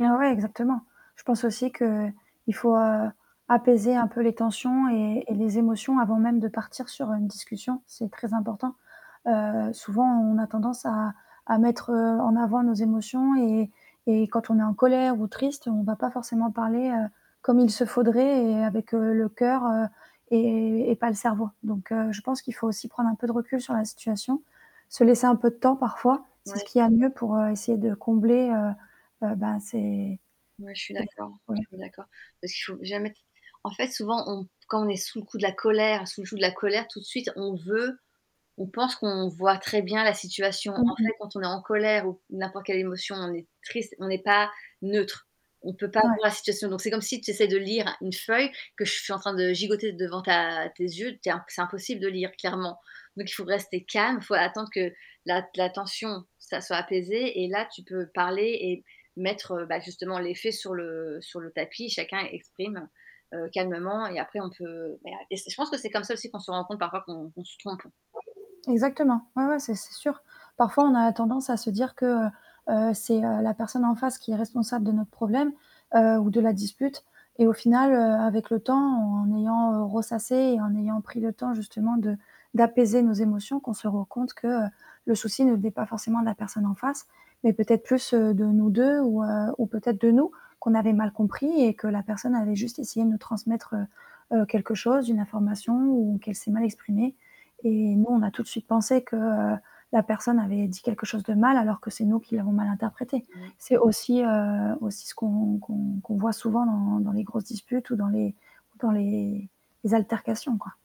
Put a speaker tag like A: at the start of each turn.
A: Ah, ouais exactement. Je pense aussi qu'il faut, heu, apaiser un peu les tensions
B: [unintelligible]
A: et et les émotions avant même de partir sur une discussion, c'est très important. Heu, souvent on a tendance à à mettre, heu, en avant nos émotions et et quand on est en colère ou triste, on va pas forcément parler, heu, comme il se faudrait et avec, heu, le cœur, heu et et pas le cerveau, donc heu, je pense qu'il faut aussi prendre un peu de recul sur la situation, se laisser un peu de temps parfois, c'est
B: Mouais.
A: ce qu'il y a de mieux pour, heu, essayer de combler, heu, heu, bah ces
B: Ouais, je suis
A: ces
B: d'accord, je
A: ouais.
B: suis d'accord. Parce qu'il faut jamais t en fait souvent, on quand on est sous le coup de la colère, sous le joug de la colère, tout de suite on veut on pense qu'on voit très bien la situation. En
A: Mmh mh.
B: fait quand on est en colère ou q n'importe quelle émotion, on est triste, on est pas neutre. On peut pas
A: Ouais.
B: voir la situation. Donc c'est comme si tu essaies de lire une feuille que je suis en train de gigoter devant ta tes yeux, tu es in c'est impossible de lire clairement. Donc il faut rester calme, faut attendre que la t la tension, ça soit apaisé et là tu peux parler et mettre, heu, bah, justement, les faits sur le sur le tapis, chacun exprime, heu, calmement et après on peut, mais a et c'est je pense que c'est comme ça aussi qu'on se rend compte parfois qu'on qu'on se trompe.
A: Exactement, ouais ouais, ça c'est sûr. Parfois on a tendance à se dire que, heu, heu, c'est, heu, la personne en face qui est responsable de notre problème, heu, ou de la dispute et au final, heu, avec le temps en ayant, heu, ressassé et en ayant pris le temps justement de d'apaiser nos émotions qu'on se rend compte que, heu, le souci ne venait pas forcément de la personne en face, mais peut-être plus, heu, de nous 2 ou heu, ou peut-être de nous, qu'on avait mal compris et que la personne avait juste essayé de nous transmettre, heu, heu, quelque chose, une information ou qu'elle s'est mal exprimée et nous on a tout de suite pensé que, heu, la personne avait dit quelque chose de mal alors que c'est nous qui l'avons mal interprété.
B: Mmh.
A: C'est aussi, heu, aussi ce qu'on qu'on qu'on voit souvent dans dans les grosses disputes ou dans les ou dans les altercations, quoi.